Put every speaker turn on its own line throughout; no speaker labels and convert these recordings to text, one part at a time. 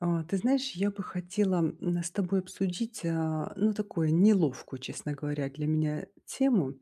А ты знаешь, я бы хотела, м, с тобой обсудить, а, ну, такую неловкую, честно говоря, для меня тему.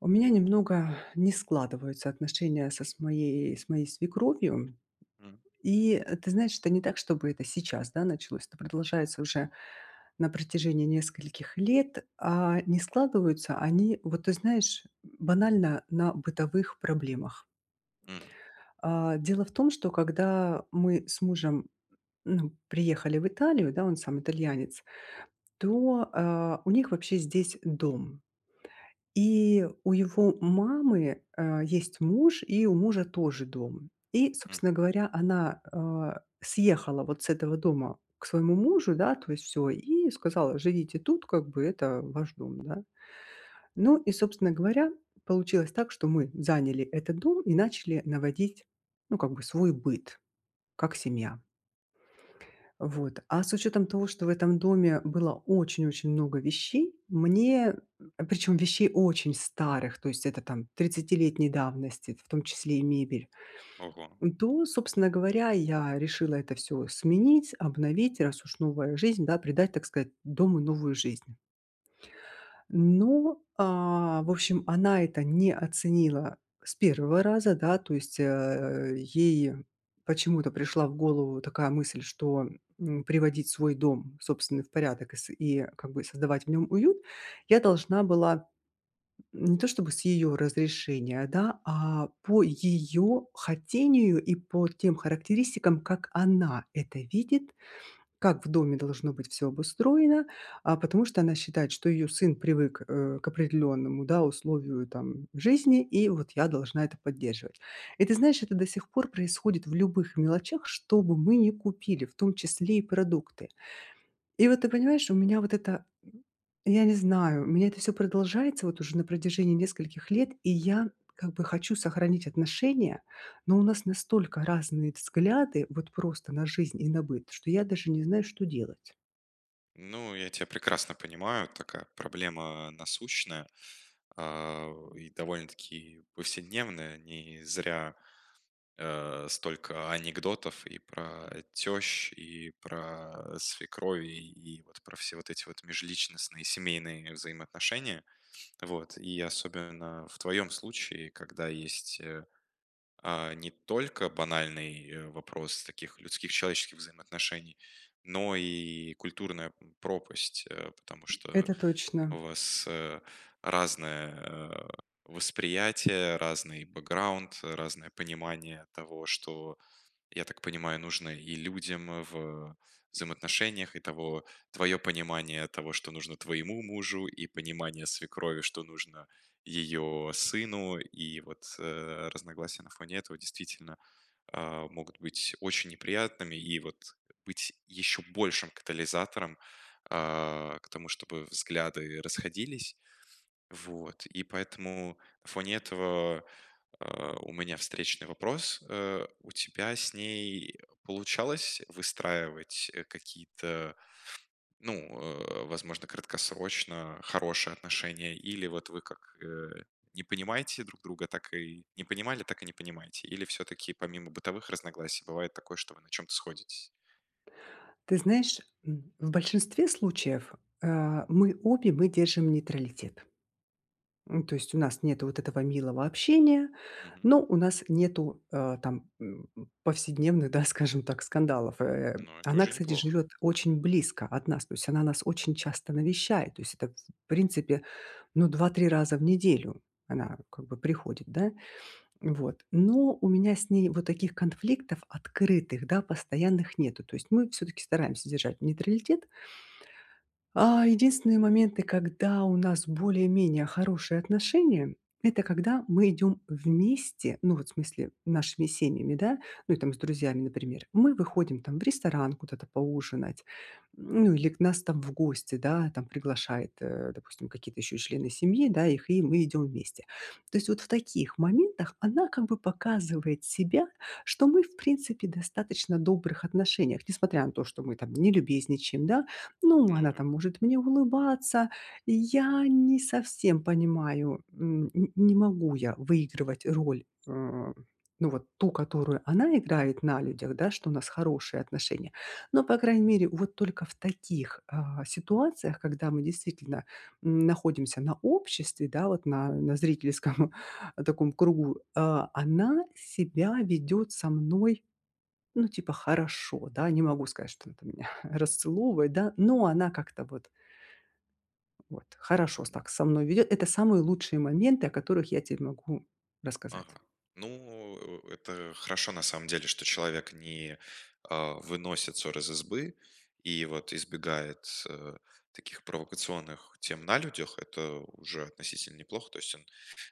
У меня немного не складываются отношения со моей с моей свекровью.
М.
И, э, ты знаешь, это не так, чтобы это сейчас, да, началось. Это продолжается уже на протяжении нескольких лет. А, не складываются они, вот, ты знаешь, м, банально на бытовых проблемах.
Мгм.
А, дело в том, что когда мы с мужем, ну, приехали в Италию, да, он сам итальянец, то, а, у них вообще здесь дом. И у его мамы, э, есть муж, и у мужа тоже дом. И, собственно
Мгм.
говоря, она, а, съехала вот с этого дома к своему мужу, да, то есть всё, и сказала: "Живите тут, как бы, это ваш дом". Н-да. Ну и, собственно говоря, получилось так, что мы заняли этот дом и начали наводить, ну, как бы свой быт, как семья. Вот. А с учетом того, что в этом доме было очень-очень много вещей, мне а, причем, вещей очень старых, то есть это, там, тридцатилетней давности, в том числе и мебель,
Ого.
м, то, собственно говоря, я решила это всё сменить, обновить, раз уж новая жизнь, да, придать, так сказать, дому новую жизнь. Но, а, в общем, она это не оценила с 1 раза, да, то есть, э, ей почему-то пришла в голову такая мысль, что, м, приводить свой дом собственный в порядок и с и как бы и создавать в нём уют я должна была, м, не то чтобы с её разрешения, да, а по её хотению и по тем характеристикам, как она это видит, как в доме должно быть всё обустроено, а потому что она считает, что её сын привык, э, к определённому, да, условию там жизни, и вот я должна это поддерживать. И ты знаешь, это до сих пор происходит в любых мелочах, что бы мы не купили, в том числе и продукты. И вот, ты понимаешь, у меня вот это, м, я не знаю, у меня это всё продолжается вот уже на протяжении нескольких лет, и я как бы хочу сохранить отношения, но у нас настолько разные взгляды вот просто на жизнь и на быт, что я даже не знаю, что делать.
Ну, я тя прекрасно понимаю, такая проблема насущная, а, и довольно-таки повседневная. Не зря, а, столько анекдотов и про тещ, и про свекрови, и вот про все вот эти вот межличностные семейные взаимоотношения. Вот, и особенно в твоем случае, когда есть, э, а, не только банальный вопрос таких людских человеческих взаимоотношений, но и культурная пропасть, э, потому что
Это точно.
у вас, э, разное, э восприятие, разный бэкграунд, разное понимание того, что, я так понимаю, нужно и людям в, э, взаимоотношениях. И того твое понимание того, что нужно твоему мужу, и понимание свекрови, что нужно ее сыну, и вот, э, разногласия на фоне этого действительно, а, могут быть очень неприятными, и вот быть еще большим катализатором, а, к тому, чтобы взгляды расходились. Вот. И поэтому на фоне этого, а, у меня встречный вопрос. Э, у тебя с ней получалось выстраивать, э какие-то, ну, э, возможно, краткосрочно хорошие отношения или вот вы как, э, не понимаете друг друга, так и не понимали, так и не понимаете, или всё-таки помимо бытовых разногласий бывает такое, что вы на чём-то сходитесь?
Ты знаешь, м, в большинстве случаев, а, мы обе, мы держим нейтралитет. М, ну то есть у нас нету вот этого милого общения,
Мгм.
но у нас нету, э, там повседневных, да, скажем так, скандалов, э.
Но это
Она,
уже
кстати,
неплохо.
живет очень близко от нас. То есть она нас очень часто навещает. То есть это, в принципе, ну, 2-3 раза в неделю она как бы приходит, да. Вот. Но у меня с ней вот таких конфликтов открытых, да, постоянных нету. То есть мы всё-таки стараемся держать нейтралитет. А единственные моменты, когда у нас более-менее хорошие отношения- это когда мы идём вместе, ну, вот, в смысле нашими семьями, да, ну и там с друзьями, например. Мы выходим там в ресторан куда-то поужинать, м, ну или к нас там в гости, да, там приглашает, э, допустим, какие-то ещё и члены семьи, да, их, и мы идём вместе. То есть вот в таких моментах она как бы показывает себя, что мы в принципе в достаточно добрых отношениях, несмотря на то, что мы там не любезничаем, да, ну,
Ну
она
да.
там может мне улыбаться. И я не совсем понимаю, м, н не могу я выигрывать роль, э, а, ну, вот ту, которую она играет на людях, да, что у нас хорошие отношения. Но, по крайней мере, вот только в таких, а, ситуациях, когда мы действительно, м, находимся на обществе, да, вот на на зрительском таком кругу, э, а, она себя ведет со мной, ну, типа хорошо, да, не могу сказать, что она там меня расцеловывает, да, но она как-то вот вот, хорошо с так со мной ведет. Это самые лучшие моменты, о которых я те могу
Ага.
рассказать.
Ну, э это хорошо на самом деле, что человек не, а, выносит сор из избы и вот избегает, э, таких провокационных тем на людях. Это уже относительно неплохо, то есть он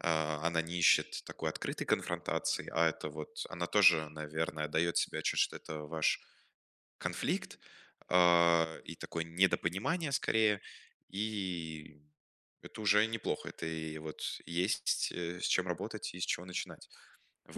а, она не ищет такой открытой конфронтации, а это вот, э, она тоже, наверное, отдает себе отчет, что это ваш конфликт, а, и такое недопонимание скорее, и это уже неплохо. Это и вот есть, э, с чем работать и с чего начинать.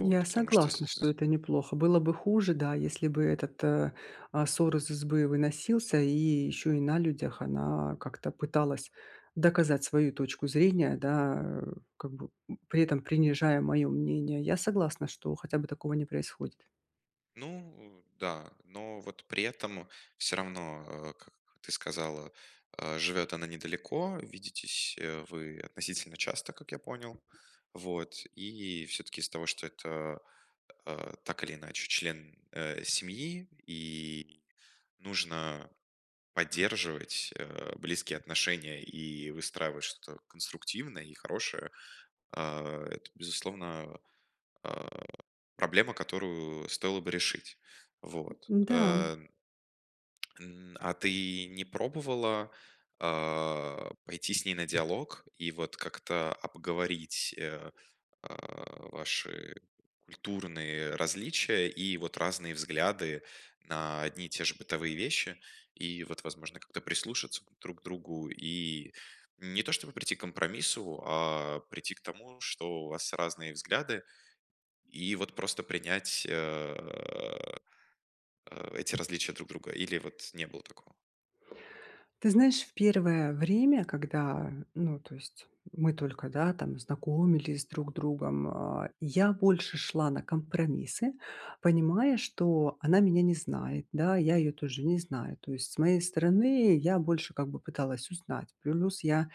Я
Потому что з
согласна, что
з
это неплохо. Было бы хуже, да, если бы этот, э, а, сор из избы выносился, и еще и на людях она как-то пыталась доказать свою точку зрения, да, а, как бы при этом принижая мое мнение. Я согласна, что хотя бы такого не происходит.
Ну да, но вот при этом, всё равно, э, как ты сказала, а, живет она недалеко. Видитесь, э, вы относительно часто, как я понял. Вот, и всё-таки из-за того, что это, а, так или иначе член, э, семьи, и нужно поддерживать, э, близкие отношения и выстраивать что-то конструктивное и хорошее, а это, безусловно, а, проблема, которую стоило бы решить. Вот.
М, да, м.
Эн м, а ты не пробовала, а, пойти с ней на диалог и вот как-то обговорить, э, а, ваши культурные различия и вот разные взгляды на одни и те же бытовые вещи? И вот, возможно, как-то прислушаться к друг другу и не то чтобы прийти к компромиссу, а прийти к тому, что у вас разные взгляды, и вот просто принять, а, эти различия друг друга. Или вот не было такого?
Ты знаешь, в первое время, когда, ну, то есть мы только, да, там знакомились друг с другом, а, я больше шла на компромиссы, понимая, что она меня не знает, да, я ее тоже не знаю. То есть с моей стороны я больше как бы пыталась узнать. Плюс я,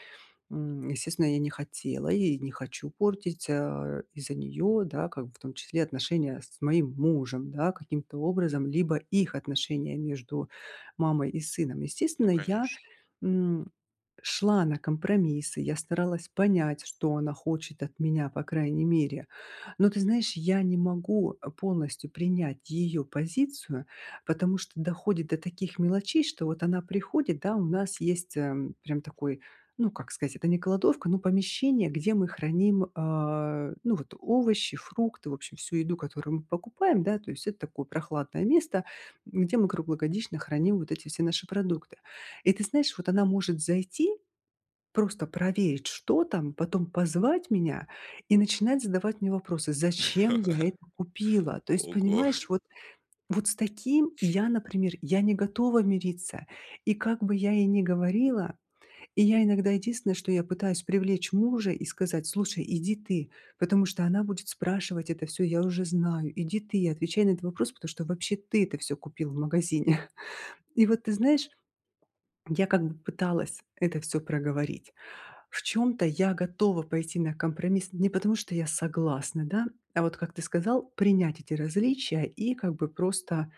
м, естественно, я не хотела, я и не хочу портить, а из-за нее, да, как бы в том числе отношения с моим мужем, да, каким-то образом. Либо их отношения между мамой и сыном. Естественно,
Ну,
я,
конечно.
м, шла на компромиссы. Я старалась понять, что она хочет от меня, по крайней мере. Но, ты знаешь, я не могу, э, полностью принять ее позицию, потому что доходит до таких мелочей, что вот она приходит, да, у нас есть, ам, прям такой, ну, как сказать, это не кладовка, ну, помещение, где мы храним, а, ну, вот овощи, фрукты, в общем, всю еду, которую мы покупаем, да. То есть это такое прохладное место, м, где мы круглогодично храним вот эти все наши продукты. И, ты знаешь, вот она может зайти, просто проверить, что там, потом позвать меня и начинать задавать мне вопросы: "Зачем я это купила?" То есть,
Ого.
понимаешь, вот, вот с таким я, например, я не готова мириться. И как бы я ей ни говорила, и я иногда единственное, что я пытаюсь привлечь мужа и сказать: "Слушай, иди ты, потому что она будет спрашивать это всё, я уже знаю. Иди ты, отвечай на этот вопрос, потому что вообще ты это всё купил в магазине". И вот, ты знаешь, я как бы пыталась это всё проговорить. В чём-то я готова пойти на компромисс не потому, что я согласна, да, а вот как ты сказал, принять эти различия и как бы просто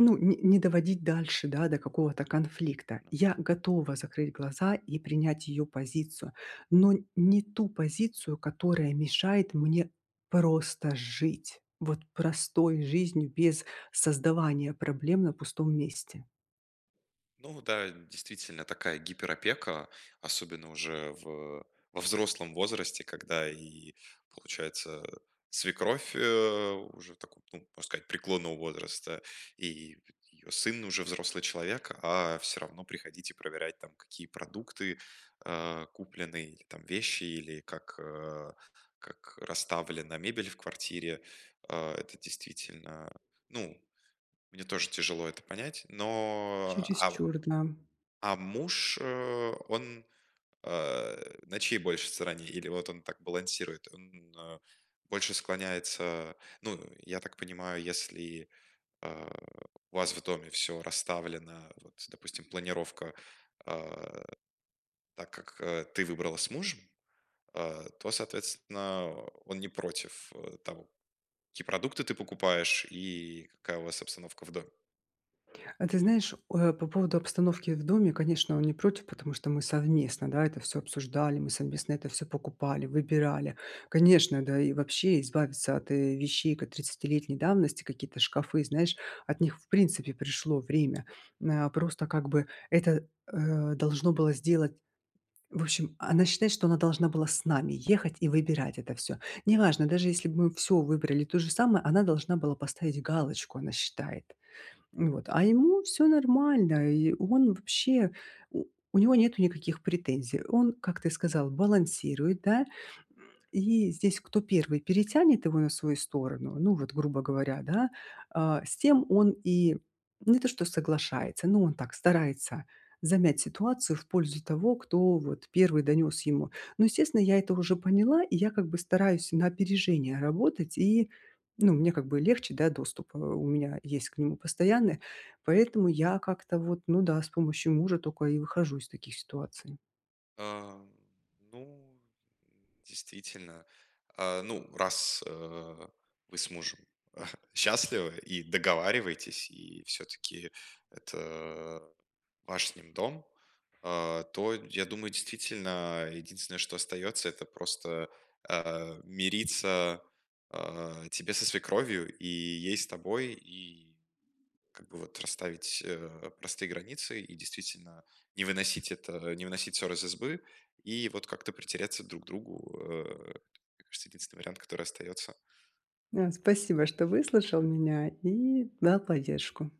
ну, ни не доводить дальше, да, до какого-то конфликта. Я готова закрыть глаза и принять её позицию. Но не ту позицию, которая мешает мне просто жить. Вот простой жизнью без создавания проблем на пустом месте.
Ну, вот да, э, действительно такая гиперопека, особенно уже в во взрослом возрасте, когда и получается, свекровь, э, уже в таком, ну, можно сказать, преклонного возраста, и и, й ее сын уже взрослый человек, а всё равно приходить и проверять там, какие продукты, а, куплены, или там вещи, или как, э, как расставлена мебель в квартире. А, это действительно, а, ну. Мне тоже тяжело это понять, но. А, в
Чересчур г нам.
а, муж, э, он, э, на чьей больше стороне? Или вот он так балансирует, он, э, больше склоняется, э, ну? Я так понимаю, если, э, у вас в доме всё расставлено, вот допустим, планировка, а, так, как, а, ты выбрала с мужем, а, то, соответственно, а, он не против, а, того, какие продукты ты покупаешь и какая у вас обстановка в доме.
Э, ты знаешь, э, по поводу обстановки в доме. Конечно, он не против, потому что мы совместно, да, это всё обсуждали, мы совместно это всё покупали, выбирали. Конечно, да и вообще избавиться от, э, вещей кот тридцатилетней давности, какие-то шкафы, знаешь, от них, в принципе, пришло время, м, э. Просто как бы это, э, должно было сделать. В общем, она считает, что она должна была с нами ехать и выбирать это всё. Неважно, даже если бы мы всё выбрали то же самое, она должна была поставить галочку, она считает, м, вот. А ему всё нормально, и он вообще у у него нету никаких претензий. Он, как ты сказал, балансирует, да. И здесь кто 1 перетянет его на свою сторону, ну, вот, грубо говоря, да, а, с тем он и не то, что соглашается, но он так старается замять ситуацию в пользу того, кто вот 1 донес ему. Но, естественно, я это уже поняла, и я как бы стараюсь на опережение работать, и, ну, мне как бы легче, да, доступ, э, у меня есть к нему постоянный, поэтому я как-то вот, ну да, с помощью мужа тока и выхожу из таких ситуаций.
Ам, ну, действительно, а, ну, раз, э, вы с мужем счастливы и договариваетесь, и всё-таки это ваш с ним дом, а, то, я думаю, действительно, единственное, что остается, это просто, э, мириться, а, тебе со свекровью, и ей с тобой, и как бы вот расставить, э, простые границы и действительно не выносить это, не выносить сор из избы, и вот как-то притереться друг к другу. Э, это, мне кажется, единственный вариант, который остается.
А, спасибо, что выслушал меня и дал поддержку.